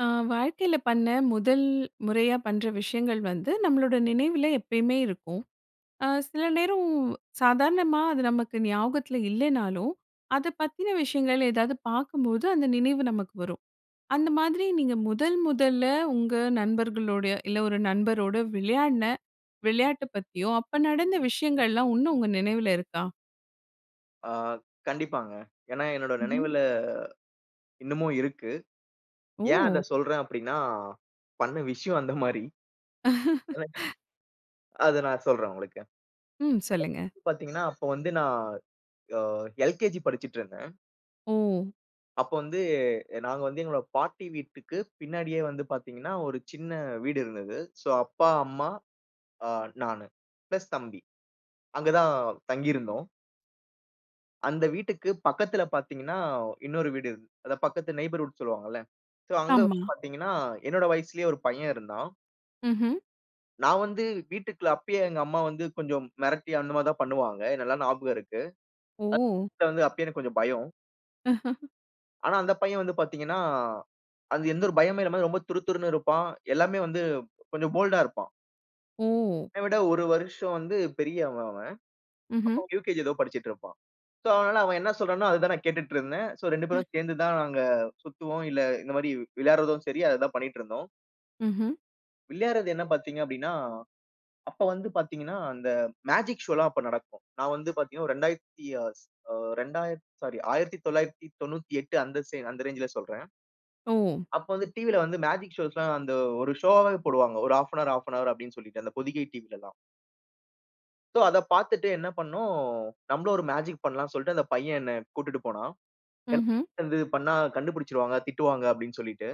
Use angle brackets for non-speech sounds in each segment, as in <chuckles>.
ஆ வாழ்க்கையில பண்ண முதல் முறையா பண்ற விஷயங்கள் வந்து நம்மளோட நினைவுல எப்பயுமே இருக்கும். அ சில நேரம் சாதாரணமா அது நமக்கு ஞாபகத்துல இல்லேனாலும், அத பத்தின விஷயங்கள் ஏதாவது பார்க்கும்போது அந்த நினைவு நமக்கு வரும். அந்த மாதிரி நீங்க முதல் முதல்ல உங்க நண்பர்களோடயோ, இல்ல ஒரு நண்பரோடு விளையாடுன விளையாட்ட பத்தியோ, அப்ப நடந்த விஷயங்கள்லாம் இன்னும் உங்க நினைவுல இருக்கா? ஆ கண்டிப்பாங்க. ஏன்னா என்னோட ம்ஹ்ம். நினைவுல இன்னமும் இருக்கு. ஏன் அத ஓ! சொல்றேன் அப்பிடின்னா, பண்ண விஷயம் அந்தமாரி! <laughs> <chuckles> அது நான் சொல்றேன் உங்களுக்கு. ம், சொல்லுங்க. <unintelligible> பாத்தீங்கன்னா, அப்ப வந்து நான் அ எல்கேஜி படிச்சிட்டு இருந்தேன். ஓ. அப்போ வந்து நாங்க வந்து எங்களோட பாட்டி வீட்டுக்கு பின்னாடியே வந்து பார்த்தீங்கன்னா, ஒரு சின்ன வீடு இருந்தது. சோ அப்பா, அம்மா, அ நானு பிளஸ் தம்பி அங்க தான் தங்கியிருந்தோம். அந்த வீட்டுக்கு பக்கத்துல பார்த்தீங்கன்னா, இன்னொரு வீடு இருந் அத பக்கத்து நெய்பர்ஹூட் சொல்லுவாங்கள்ல. சோ அங்க ஆமா. வந்து பார்த்தீங்கன்னா, என்னோட வயசுலேயே ஒரு பையன் இருந்தான். ம்ஹ்ம். நான் வந்து வீட்டுக்குள்ள, அப்பயே எங்க அம்மா வந்து கொஞ்சம் மிரட்டி, அந்த மாரி தான் பண்ணுவாங்க. ஏன் நல்லா ஞாபகம் இருக்கு. ஓ! <unintelligible> வந்து அப்பயே எனக்கு கொஞ்சம் பயம். <chuckles> ஆனா அந்த பையன் வந்து பார்த்தீங்கனா, அது எந்த ஒரு பயமும் இல்லாம ரொம்ப துரு துருன்னு இருப்பான். எல்லாமே வந்து கொஞ்சம் போல்ட்டா இருப்பான். ஓ. என்னய விட ஒரு வருஷம் வந்து பெரியவன் அவன். அப்போ ம்ஹ்ம். UKG ஏதோ படிச்சிட்டு இருப்பான். சோ, அதனால அவன் என்ன சொல்றானோ, அத தான் நான் கேட்டுட்டு இருந்தேன். சோ, 2 பேரும் சேர்ந்து தான் நாங்க சுத்துவோம், இல்ல, இந்த மாரி விளையாடுவதும் சரி, அததான் பண்ணிட்டு இருந்தோம். ம்ஹ்ம். விளையாட்றது என்ன பார்த்தீங்க அப்டின்னா, அப்ப வந்து பார்த்தீங்கன்னா, அந்த மேஜிக் ஷோலாம் அப்ப நடக்கும். நான் வந்து பார்த்தீங்கனா, ஒரு 2000த்தி அ ஸ் ரெண்டாயி அ சாரி 1998 அந்த சே அந்த ரேஞ்சுல சொல்றேன். ஓ. அப்போ வந்து டிவில வந்து மேஜிக் ஷோஸ்லாம் அந்த ஒரு ஷோவாவே போடுவாங்க. ஒரு 1/2 அன் அவர், 1/2 அன் அவர் அப்டின்னு சொல்லிட்டு, அந்த பொதிகை டிவிலலாம். சோ, அத பார்த்துட்டு என்ன பண்ணோம். நம்மளும் ஒரு மேஜிக் பண்ணலாம்னு சொல்லிட்டு, அந்த பையன் என்னை கூட்டிட்டு போனான். என்ன ம்ஹ்ம். பன்றது? பண்ணா கண்டுபுடிச்சுடுவாங்க, திட்டுவாங்க அப்டின்னு சொல்லிட்டு.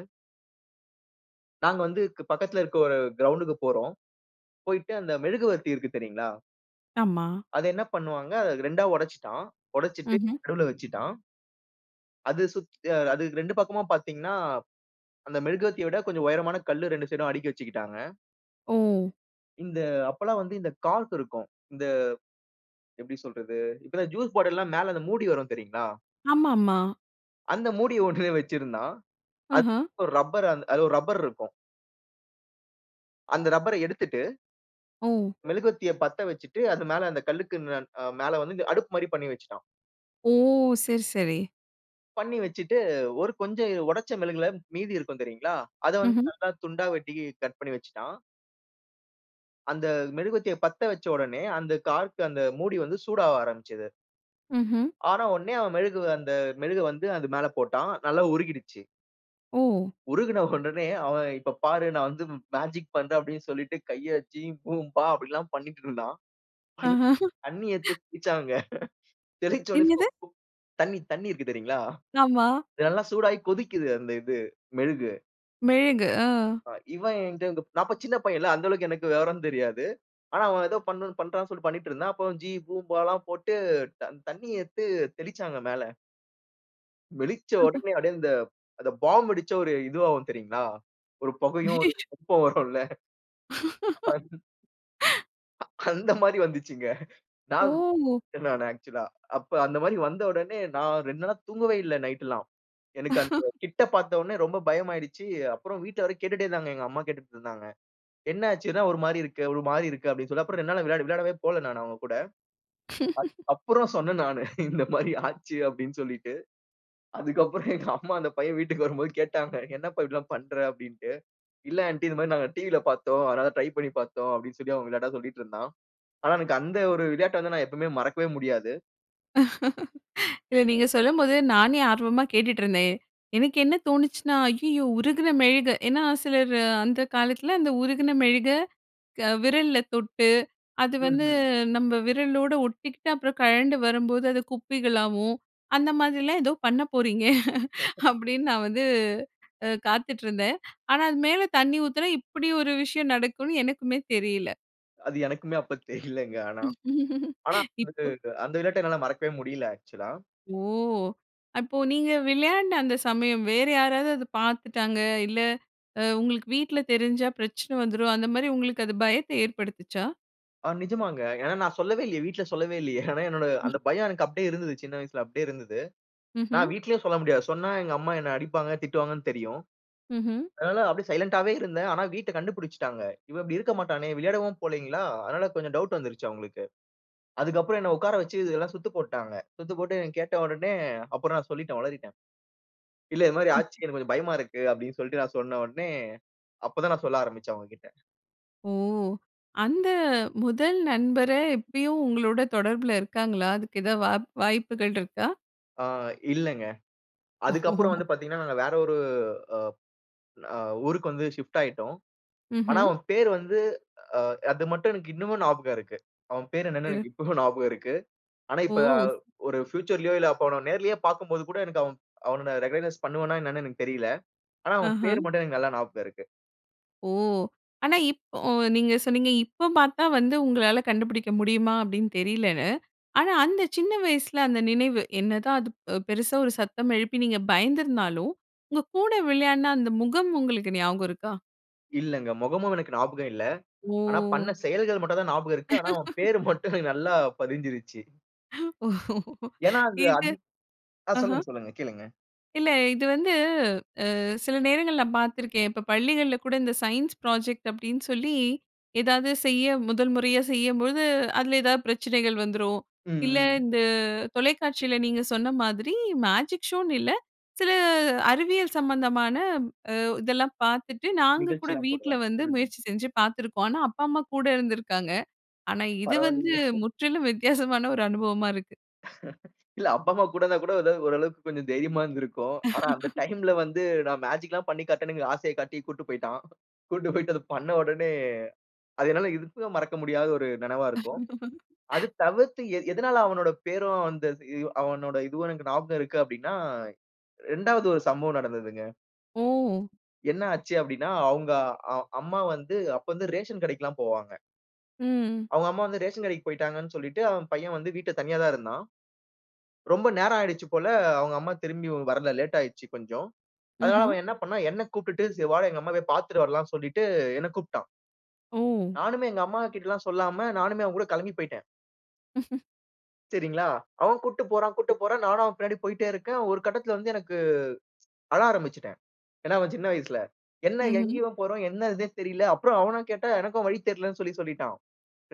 நாங்க வந்து க் பக்கத்துல இருக்கிற ஒரு கிரவுண்ட்க்கு போறோம். போயிட்டு அந்த மெழுகுவர்த்தி இருக்கு, தெரியுங்களா? ஆமா. அத என்ன பண்ணுவாங்க, அத 2 ஆ உடச்சிட்டான். உடச்சிட்டு ம்ஹ்ம். நடுவுல வச்சிட்டான். அது சுத் அ அது 2 பக்கமும் பார்த்தீங்கன்னா, அந்த மெழுகுவர்த்திய விட கொஞ்சம் உயரமான கல்லு 2 சைடும் அடுக்கி வச்சிக்கிட்டாங்க. ஓ! இநத அப்பல்லாம் வந்து இந்த கார்க் இருக்கும். இந்த எப்பிடி சொல்றது? இப்பதான் இந்த ஜூஸ் பாட்டில்லாம் மேல அந்த மூடி வரும், தெரியுங்களா? ஆமாமா. அந்த மூடிய ஒண்ணுமே வச்சிருந்தான். அது ஆஹா! ஒரு ரப்பர் அந்த ஒரு ரப்பர் இருக்கும். அந்த ரப்பர எடுத்துட்டு ஓ! மெழுவர்த்திய பத்த வச்சுட்டு, அது மேல அந்த கல்லுக்கு ந அ மேல வந்து, அடுப்புமாரி பண்ணி வச்சிட்டான். ஓ! சரி, சரி. பண்ணி வச்சுட்டு, ஒரு கொஞ்சம் உடைச்ச மெழுகுல மீதி இருக்கும் தெரியுங்களா? அத வந்து ம்ஹ்ம். நல்லா துண்டா வெட்டி, கட் பண்ணி வச்சுட்டான். அந்த மெழுகுவர்த்திய பத்த வச்ச உடனே, அந்த கார்க்கு, அந்த மூடி வந்து சூடாவ ஆரம்பிச்சது. ம்ஹ்ம். ஆன உடனே அவன் மெழுகு அந்த மெழுகு வந்து அது மேல போட்டான். நல்லா உருகிடுச்சு. ஓ! உருகின உடனே அவன், "இப்ப பாரு! நான் வந்து மேஜிக் பண்றேன். அப்பிடின்னு சொல்லிட்டு கைய வச்சு, ஜீபூம்பா" அப்பிடில்லாம் பண்ணிக்கிட்டு இருந்தான். ஆஹா! தண்ணீ எடுத்து தெளிச்சாங்க. தெளிச்ச உடனே என்னது? <unintelligible> தண்ணீ, தண்ணீ இருக்கு, தெரியுங்களா? ஆமா. இதெல்லாம் சூடாயி கொதிக்கிது அந்த இது, மெழுகு. மெழுகு, ஆ. அ இவன் என்கிட்ட, நான் இப்போ சின்ன பையன் இல்ல அந்த அளவுக்கு எனக்கு விவரம் தெரியாது. ஆனா அவன் ஏதோ பண்றான்னு சொல்லி பண்ணிட்டு இருந்தான். அப்ப ஜீ பூம்பா எல்லாம் போட்டு தண் தண்ணி எடுத்து தெளிச்சாங்க மேல. வெளிச்ச <chuckles> உடனே அப்படியே அந்த, அந்த பாம் வெடிச்ச ஒரு இதுவாகும் தெரியுங்களா? ஒரு புகையும் ஒரு <unintelligible> வெப்பம் வரும் இல்ல. அது <chuckles> <laughs> அந்த மாதிரி வந்துச்சுங்க. நான் ஓ! <unintelligible> ஆக்சுவல்ஆ அப்ப அந்த மாதிரி வந்த உடனே நான் 2 நாளா தூங்கவே இல்ல நைட் எல்லாம். எனக்கு அந்த <chuckles> கிட்ட பார்த்த உடனே ரொம்ப பயமாயிடுச்சு. அப்புறம் வீட்டில வேற கேட்டுட்டே இருந்தாங்க. எங்க அம்மா கேட்டுட்டு இருந்தாங்க. "என்னாச்சு என்னா ஒரு மாரி இருக்கு, ஒரு மாரி இருக்க?" அப்படின்னு சொல்லி. அப்புறம் 2 நாள் விளையாட விளையாடவே போகல நான் அவங்க கூட. <chuckles> அப் அப்புறம் சொன்னேன் நானு இந்த மாதிரி ஆச்சு அப்படின்னு சொல்லிட்டு. அதுக்கப்புறம் எங்க அம்மா அந்த பையன் வீட்டுக்கு வரும்போது கேட்டாங்க. "என்னப்பா இப்படி எல்லாம் பண்ற." அப்படின்னுட்டு. "இல்ல ஆண்டி இந்த மாதிரி நாங்க டிவி ல பார்த்தோம். அதனால ட்ரை பண்ணி பார்த்தோம்." அப்படின்னு சொல்லி அவன் விளையாட்டா சொல்லிட்டு இருந்தான். ஆனா எனக்கு அந்த ஒரு விளையாட்டை வந்து நான் எப்பவுமே மறக்கவே முடியாது. <laughs> இல்ல, நீங்க சொல்லும்போது நானே ஆர்வமா கேட்டுட்ருந்தேன். எனக்கு என்ன தோணுச்சுனா, ஐயயோ உருகின மெழுகை ஏன்னா சிலர் அந்த காலத்தில அந்த உருகின மெழுகை க விரல்ல தொட்டு அது வந்து ம்ஹ்ம். நம்ம விரலோடு ஒட்டிகிட்டு அப்புறம் கழண்டு வரும்போது அது குப்பிகளாகவும் அந்த மாதிரிலாம் ஏதோ பண்ண போறீங்க. <laughs> <chuckles> அப்படின்னு நான் வந்து காத்துட்ருந்தேன். ஆனா அது மேலே தண்ணி ஊத்துனா இப்படி ஒரு விஷயம் நடக்கும்னு எனக்குமே தெரியல. அது எனக்குமே அப்ப தெரியலைங்க. ஆனா. <chuckles> ஆனா இப்போ, <unintelligible> அந்த விளையாட்டை என்னால மறக்கவே முடியல ஆக்சுவலா. ஓ! அப்போ நீங்க விளையாண்ட அந்த சமயம் வேறு யாராவது அதை பார்த்துட்டாங்க, இல்ல அ உங்களுக்கு வீட்ல தெரிஞ்சா பிரச்சனை வந்துரும் அந்த மாதிரி உங்களுக்கு அது பயத்தை ஏற்படுத்துச்சா? அ நிஜமாங்க. ஏன்னா நான் சொல்லவே இல்லையே. வீட்ல சொல்லவே இல்லையே. ஏன்னா என்னுடைய அந்த பயம் எனக்கு அப்டியே இருந்தது. சின்ன வயசுல அப்டியே இருந்தது. ம்ஹ்ம். நான் வீட்டிலயே சொல்ல முடியாது. சொன்னா எங்க அம்மா என்னை அடிப்பாங்க திட்டுவாங்கன்னு தெரியும். ம்ஹ்ம். அதனால அப்டியே சைலன்ட்டாவே இருந்தேன். ஆனா வீட்ல கண்டுபிடிச்சுட்டாங்க. இவன் இப்டி இருக்க மாட்டானே! விளையாடவும் போகல்லைங்களா? அதனால கொஞ்சம் டவுட் வந்துருச்சு அவங்களுக்கு. அதுக்கு அப்புறம் என்னை உட்கார வச்சு இதெல்லாம் சுத்து போட்டுட்டாங்க. சுத்து போட்டு என்னை கேட்ட உடனே, அப்புறம் நான் சொல்லிட்டேன், ஒளறிட்டேன். இல்ல இது மாதிரி ஆச்சு எனக்கு கொஞ்சம் பயமா இருக்கு. அப்படின்னு சொல்லிட்டு நான் சொன்ன ஒடனே, அப்போதான் நான் சொல்ல ஆரம்பிச்சேன் அவங்ககிட்ட. ஓ! அந்த முதல் நண்பரே இப்பயும் உங்களோட தொடர்பில இருக்காங்களா? அதுக்கு ஏதாவது வா வாய்ப்புகள் இருக்கா? அ இல்லங்க. அதுக்கு அப்புறம் ஓ! வந்து பார்த்தீங்கன்னா நாங்க வேற ஒரு அ அ ஊருக்கு வந்து ஷிஃப்ட் ஆயிட்டோம். ஆனா, ம்ஹ்ம். அவன் பேரு வந்து அ அது மட்டும் எனக்கு இன்னமும் ஞாபகம் இருக்கு. அவன் பேரு என்னன்னு திற. எனக்கு இப்பவும் ஞாபகம் இருக்கு. ஆனா, ஓ! இப்ப ஒரு ஃபியூச்சர்லையோ இல்ல அவனை நேர்லேயே பார்க்கும்போது கூட, எனக்கு அவனை ரிகாக்னைஸ் பண்ணுவேனா என்னன்னு எனக்கு தெரியல்ல. ஆனா அவன் ஆஹ. பேரு மட்டும் எனக்கு நல்லா ஞாபகம் இருக்கு. ஓ! ஆனா இப்போ நீங்க சொன்னீங்க, இப்ப பார்த்தா வந்து உங்களால கண்டுபுடிக்க முடியுமா? அப்டின்னு தெரியலன்னு. ஆனா, அந்த சின்ன வயசுல அந்த நினைவு, என்னதான் அது பெருசா ஒரு சத்தம் எழுப்பி நீங்க பயந்திருந்தாலும் உங்க கூட விளையாடுன அந்த முகம் உங்களுக்கு ஞாபகம் இருக்கா? இல்லங்க. மொகமும் எனக்கு ஞாபகம் இல்ல. ஆனா, ஓ! பண்ண செயல்கள் மட்டும் தான் ஞாபகம் இருக்கு. ஆனா அவன் <laughs> பேர் மட்டும் எனக்கு நல்லா பதிஞ்சுருச்சு. <laughs> ஏன்னா, அது இது. ஆ ஆஹ. சொல்லுங்க, சொல்லுங்க. கேளுங்க. இல்ல இது வந்து அ சில நேரங்கள் நான் பார்த்துருக்கேன். இப்ப பள்ளிகள்ல கூட இந்த சயின்ஸ் ப்ராஜெக்ட் அப்டின்னு சொல்லி ஏதாவது செய்ய முதல் முறையா செய்யும்போது அதில ஏதாவது பிரச்சனைகள் வந்துரும். ம், இல்ல, ம். இந்த தொலைக்காட்சியில நீங்க சொன்ன மாதிரி மேஜிக் ஷோனு இல்ல சில அறிவியல் சம்மந்தமான அ இதெல்லாம் பார்த்துட்டு நாங்க கூட நிகழ்ச்சிலாம் வீட்ல போடுவாங்க. வந்து ம். முயற்சி செஞ்சு பார்த்துருக்கோம். ஆனா, அப்பா அம்மா கூட இருந்துருக்காங்க. ஆனா இது வந்து பரவால்லையே! <chuckles> முற்றிலும் வித்தியாசமான ஒரு அனுபவமா இருக்கு. <laughs> இல்ல அப்பா அம்மா கூட இருந்தா கூட ஓரளவுக்கு கொஞ்சம் தைரியமா இருந்திருக்கும். ஆனா, அந்த <laughs> டைம்ல வந்து, நான் மேஜிக்லாம் பண்ணி காட்டணும்ங்கிற ஆசையக் காட்டி கூட்டிட்டு போயிட்டான். கூட்டு போயிட்டு அத பண்ண உடனே அது என்னால எதிர்ப்பை மறக்க முடியாத ஒரு நெனைவா இருக்கும். அது <laughs> தவிர்த்து எது எதனால அவனோட பேரும் வந்து அது அவனோட இதுவும் எனக்கு ஞாபகம் இருக்கு அப்டின்னா 2வது ஒரு சம்பவம் நடந்ததுங்க. ஓ! என்ன ஆச்சு அப்டின்னா, அவங்க அ அம்மா வந்து அப்ப வந்து ரேஷன் கடைக்குலாம் போவாங்க. ம், ம். அவங்க அம்மா வந்து ரேஷன் கடைக்கு போய்ட்டாங்கன்னு சொல்லிட்டு, அவன் பையன் வந்து வீட்டில தனியா தான் இருந்தான். ரொம்ப நேரம் ஆயிடுச்சு போல அவங்க அம்மா திரும்பி வரல. லேட் ஆயிடுச்சு கொஞ்சம். அதனால ம்ஹ்ம். அவன் என்ன பண்னான், என்னை கூப்ட்டுட்டு சரி வாடா எங்க அம்மா போய் பார்த்துட்டு வரலாம்ன்னு, சொல்லிட்டு என்னை கூப்பிட்டான். ஓ! நானுமே எங்க அம்மா கிட்டலாம் சொல்லாம நானுமே அவன் கூட கிளம்பி போய்ட்டேன். <chuckles> சரிங்களா! அவன் கூட்டிட்டு போறான் கூட்டிட்டு போறான். நானும் அவன் பின்னாடி போய்ட்டே இருக்கேன். ஒரு கட்டத்தில வந்து எனக்கு அழ ஆரம்பிச்சுட்டேன். ஏன்னா அவன் சின்ன வயசுல, என்ன ம்ஹ்ம். எங்கேயோ போறோம்? என்ன இதுன்னு தெரியல. அப்புறம் அவன கேட்டால எனக்கும் வழி தெரியலன்னு, சொல்லி சொல்லிட்டான்.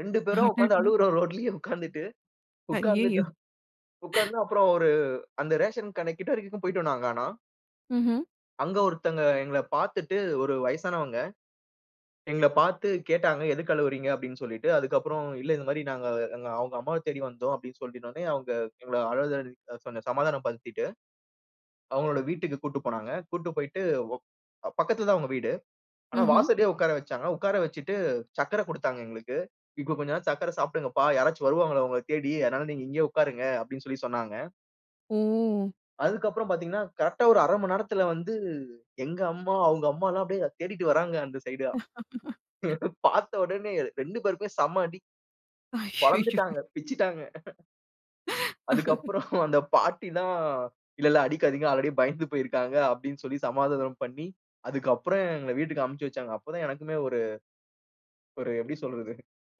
2 பேரும் உட்கார்ந்து அடடா! அழுறோம். ரோட்லயே உட்கார்ந்துட்டு. ஐயயோ! உட்கார்ந்துட்டோம். உட்கார்ந்து அப்புறம் ஒரு அந்த ரேஷன் கடைக்கு கிட்ட வரைக்கும் போய்ட்டோம் நாங்க ஆனா. ம்ஹ்ம். அங்கே ஒருத்தவங்க எங்கள பார்த்துட்டு ஒரு வயசானவங்க. எங்களை பார்த்து கேட்டாங்க "எதுக்கு அழுவுறீங்க?" அப்படின்னு சொல்லிட்டு. அதுக்கப்புறம் இல்ல, இந்த மாதிரி நாங்க எங்க அவங்க அம்மாவை தேடி வந்தோம். அப்படின்னு சொல்லி உடனே அவங்க எங்களை அழுத கொஞ்சம் சமாதானம் படுத்திட்டு, அவங்களுடைய வீட்டுக்கு கூட்டிட்டு போனாங்க. கூட்டிட்டு போய்ட்டு, ஒக் அ பக்கத்தில தான் அவங்க வீடு. ஆனா ம்ஹ்ம். வாசலே உட்கார வச்சாங்க. உட்கார வச்சுட்டு சர்க்கரை கொடுத்தாங்க எங்களுக்கு. இப்போ கொஞ்சம் நே சர்க்கரை சாப்பிடுங்க. யாராச்சும் வருவாங்களா உங்களைத் தேடி, அதனால நீங்க இங்கயே உட்காருங்க அப்படின்னு சொல்லி சொன்னாங்க. ஓ! அதுக்கு அப்புறம் பார்த்தீங்கன்னா, கரெக்ட்டா ஒரு 1/2 மணி நேரத்தில வந்து எங்க அம்மா, அவங்க அம்மா எல்லாம் அப்படியே தேடிட்டு வர்றாங்க. அந்த சைடா. <laughs> <chuckles> பார்த்த உடனே 2 பேருக்குமே செம அடி. அய்யயோ! பொளந்துட்டாங்க. பிச்சுட்டாங்க. <chuckles> அதுக்கு <laughs> <chuckles> அப்புறம் அந்த பாட்டி தான் "இல்ல இல்ல. அடிக்காதீங்க ஆல்ரெடி பயந்து போயிருக்காங்க." அப்படின்னு சொல்லி சமாதானம் பண்ணி, அதுக்கு அப்புறம் எங்கள வீட்டுக்கு அனுப்பிச்சி வைச்சாங்க. அப்போதான் எனக்குமே ஒரு ஒரு எப்படி சொல்றது?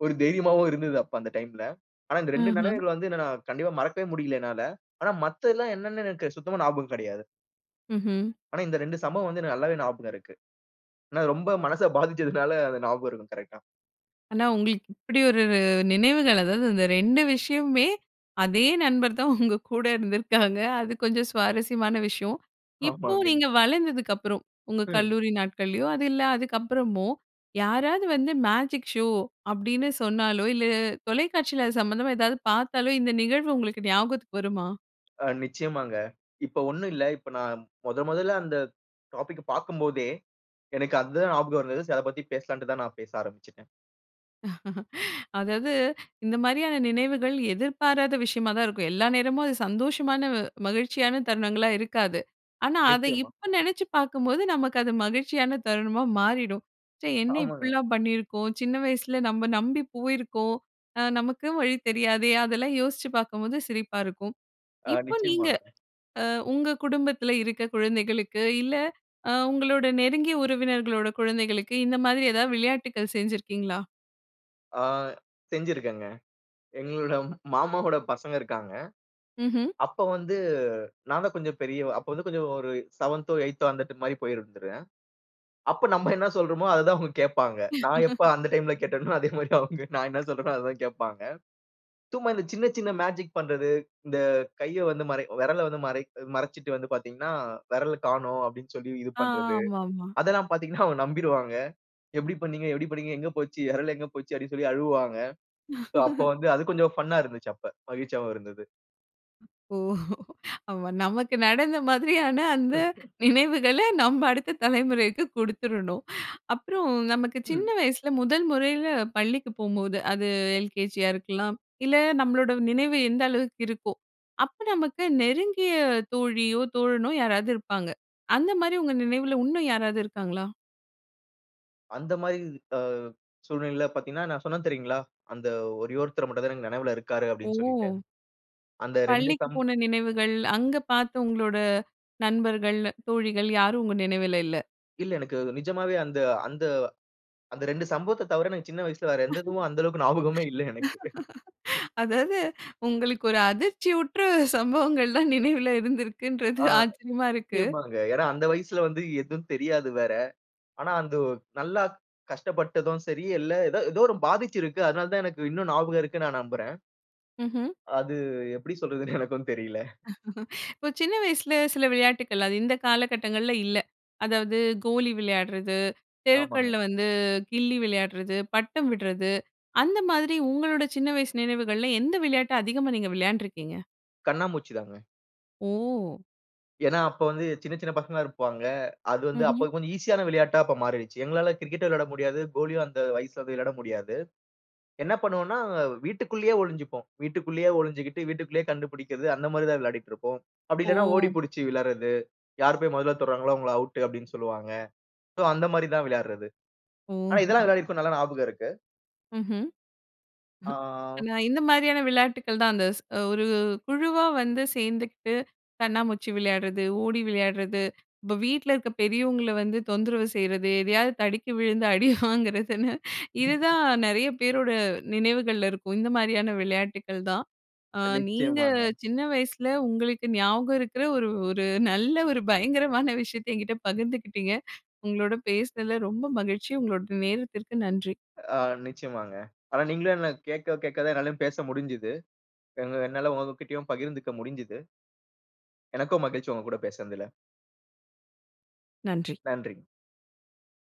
ஒரு தைரியமாவும் இருந்தது அப்ப அந்த டைம்ல. ஆனா, இந்த 2 அஹம். நினைவுகள வந்து நான் கண்டிப்பா மறக்கவே முடியல என்னால. ஆனா மத்தது எல்லாம் என்னன்னு எனக்கு சுத்தமா ஞாபகம் கிடையாது. ம்ஹ்ம். ஆனா இந்த 2 சம்பவம் வந்து எனக்கு நல்லாவே ஞாபகம் இருக்கு. ஆனா ரொம்ப மனசை பாதிச்சதனால அது ஞாபகம் இருக்கு கரெக்ட்டா. ஆனா, உங்களுக்கு இப்படி ஒரு நினைவுகள். அதாவது, இந்த 2 விஷயமுமே அதே நண்பர் தான் உங்க கூட இருந்திருக்காங்க. அது கொஞ்சம் சுவாரஸ்யமான விஷயம். இப்போ ஆமாங்க. நீங்க வளர்ந்ததுக்கு அப்புறம் உங்க ம். கல்லூரி நாட்களையோ, அது இல்ல அதுக்கு அப்புறமோ யாராவது வந்து மேஜிக் ஷோ, அப்படின்னு சொன்னாலோ இல்லை தொலைக்காட்சியில அது சம்பந்தமா ஏதாவது பார்த்தாலோ இந்த நிகழ்வு உங்களுக்கு ஞாபகத்துக்கு வருமா? அ நிச்சயமாங்க. இப்போ ஒன்னும் இல்ல. இப்போ நான் முதன் முதல்ல அந்த டாபிக் பார்க்கும் போதே எனக்கு அதுதான் ஞாபகம் இருந்தது. சோ அதை பத்தி பேசலாம்ன்னுட்டு தான் நான் பேச ஆரம்பிச்சுட்டேன். <laughs> அதாவது இந்த மாரியான நினைவுகள் எதிர்பாராத விஷயமா தான் இருக்கும். எல்லா நேரமும் அது சந்தோஷமான, மகிழ்ச்சியான தருணங்களா இருக்காது. ஆனா, அதை நிச்சயமா. இப்போ நினைச்சு பார்க்கும்போது, நமக்கு அது மகிழ்ச்சியான தருணமா மாறிடும். ச்சே என்ன ஆமாங்க. இப்படிலாம் பண்ணியிருக்கோம் சின்ன வயசில நம்ம நம்பி போயிருக்கோம். அ நமக்கு வழி தெரியாதே! அதெல்லாம் யோசிச்சு பார்க்கும்போது, சிரிப்பா இருக்கும். ஆ இப்போ நீங்க நிச்சயமாங்க. அ உங்க குடும்பத்தில இருக்க குழந்தைகளுக்கு இல்ல, அ உங்களோட நெருங்கிய உறவினர்களோட குழந்தைகளுக்கு, இந்த மாதிரி ஏதாவது விளையாட்டுக்கள் செஞ்சிருக்கீங்களா? ஆ செஞ்சிருக்கேங்க. எங்களுடைய மாமாவோட பசங்க இருக்கிறாங்க. ம்ஹ்ம். அப்ப வந்து நான் தான் கொஞ்சம் பெரியவன், அப்ப வந்து கொஞ்சம் ஒரு 7 8 அந்த மாதிரி போயிருந்துடுவேன். அப்போ நம்ம என்ன சொல்றோமோ, அதைதான் அவங்க கேட்பாங்க. நான் எப்போ <laughs> அந்த டைம்ல கேட்டேனோ, அதே மாதிரி அவங்க நான் என்ன சொல்றேனோ, அதை தான் கேட்பாங்க. சும்மா இந்த சின்ன, சின்ன மேஜிக் பண்றது, இந்த கையை வந்து மறை விரலை வந்து மறை மறைச்சுட்டு வந்து பார்த்தீங்கனா, விரல் காணோம் அப்டின்னு சொல்லி இது ஆ, பண்றது. ஆமாமா. அதெல்லாம் பார்த்தீங்கன்னா அவங்க நம்பிருவாங்க. எப்டி பண்ணீங்க, எப்டி பண்ணீங்க எங்க போச்சு, விரல் எங்க போச்சு, அப்டின்னு சொல்லி அழுவுவாங்க. சோ, அப்போ <laughs> வந்து அது கொஞ்சம் ஃபன் னா இருந்துச்சு அப்ப மகிழ்ச்சியாகவும் இருந்தது. ஓ! அப்ப நமக்கு நடந்த மாதிரியான அந்த <chuckles> நினைவுகள நம்ப அடுத்த தலைமுறைக்கு கொடுத்துறணும். அப்பறம் நமக்கு சின்ன ம். வயசுல முதல் முறையில பள்ளிக்கு போகும்போது, அது எல்கேஜியா இருக்கலாம். இல்ல நம்மளோட நினைவு எந்த அளவுக்கு இருக்கும். அப்ப நமக்கு நெருங்கிய தோழியோ, தோழனோ யாராது இருப்பாங்க. அந்த மாரி உங்கள நினைவுல உன்னும் யாராது இருக்காங்களா? அந்த மாரி அ சூழ்நிலையில பாத்தீங்கன்னா, நான் சொன்னேன் தெரியுங்களா? அந்த ஒரே ஒருத்தர் மட்டும் தான் எனக்கு நினைவுல இருக்காரு அப்டின்னு சொல்லிட்டு. ஓ! அந்த 2 பள்ளிக்கு சம் போன நினைவுகள், அங்க பாத்த உங்களோட நண்பர்கள், தோழிகள் யாரும் உங்க நினைவுல இல்ல. இல்ல. எனக்கு நிஜமாவே அந்த அந்த அந்த 2 சம்பவத்த தவிர எனக்கு சின்ன வயசுல வேற <chuckles> எந்த இதுவும் அந்த அளவுக்கு ஞாபகமே இல்ல எனக்கு. <chuckles> <laughs> அதாது உங்களுக்கு ஒரு அதிர்ச்சி உற்ற சம்பவங்கள் தான் நினைவுல இருந்துருக்குன்றது ஆ ஆச்சரியமா இருக்கு. நிச்சயமாங்க. ஏன்னா அந்த வயசுல வந்து எதும் தெரியாது வேற. ஆனா அந்த நல்லா கஷ்டப்பட்டதும் சரி, இல்ல எதோ, ஏதோ ஒரு பாதிச்சு இருக்கு. அதனால தான் எனக்கு இன்னும் ஞாபகம் இருக்குன்னு நான் நம்புறேன். ம்ஹ்ம். அது எப்படி சொல்றதுன்னு எனக்கும் தெரியல. <laughs> இப்ப சின்ன வயசுல சில விளையாட்டுக்கள், அது இந்த காலகட்டங்கள்ல இல்ல. அதாவது கோலி விளையாடுறது, ஆமாங்க. தெருக்கள்ல வந்து கில்லி விளையாடுறது, பட்டம் விடுறது அந்த மாதிரி உங்களோட சின்ன வயசு நினைவுகள்ல எந்த விளையாட்ட அதிகமா நீங்க விளையாண்டுருக்கீங்க? கண்ணாம்மூச்சி தாங்க. ஓ! ஏன்னா, அப்போ வந்து, சின்ன சின்ன பசங்களா இருப்பாங்க. அது வந்து, ம்ஹ்ம். அப்போ கொஞ்சம் ஈசியான விளையாட்டா அப்ப மாறிருச்சு. எங்களால கிரிக்கெட் விளையாட முடியாது. கோலியும் அந்த வயசில போய் விளையாட முடியாது. என்ன பண்ணுவோம்ன்னா, வீட்டுக்குள்ளேயே ஒளிஞ்சுப்போம். வீட்டுக்குள்ளேயே ஒளிஞ்சுக்கிட்டு, வீட்டுக்குள்ளேயே கண்டுபிடிக்கிறது அந்த மாரி தான் விளையாடிட்டு இருப்போம். அப்டி இல்லன்னா ஓடி ஓ! பிடிச்சு விளாடுறது, "யார் போய் மொதல்ல தொடுகிறாங்களோ அவுங்கள ஆவுட்டு" அப்டின்னு சொல்லுவாங்க. சோ, அந்த மாரி தான் விளையாடுறது. ஓ! ஆனா, இதெல்லாம் விளையாடிருக்கோம் நல்லா ஞாபகம் இருக்கு. ம்ஹ்ம். <chuckles> ஆ. நான் இந்த மாரியான விளையாட்டுக்கள் தான், அந்த ஸ் ஒரு குழுவா வந்து சேந்துகிட்டு, கண்ணாமூச்சி விளையாடுறது, ஓடி விளையாடுறது. இப்போ வீட்ல இருக்க பெரியவங்கள வந்து தொந்தரவு செய்றது, எதையாவது தடுக்கி விழுந்து அடி வாங்குறதுன்னு <chuckles> இதுதான் நெறைய பேரோட நினைவுகள்ல இருக்கும். இந்த மாரியான விளையாட்டுக்கள் தான். ஆ அ நீங்க, நிச்சயமாங்க. சின்ன வயசில உங்களுக்கு ஞாபகம் இருக்கிற ஒரு ஒரு நல்ல ஒரு பயங்கரமான விஷயத்தை என்கிட்ட பகிர்ந்துக்கிட்டீங்க. உங்களோட பேசுனதில ரொம்ப மகிழ்ச்சி. உங்களோட நேரத்திற்கு நன்றி. ஆ நிச்சயமாங்க. ஆனா, நீங்களும் என்ன கேக்க கேக்க தான், என்னாலயும் பேச முடுஞ்சிது. எங்க என்னால உங்ககிட்டயும் பகிர்ந்துக்க முடுஞ்சிது. எனக்கும் மகிழ்ச்சி, உங்க கூட பேசுனதில. நன்றி. நன்றிங்க.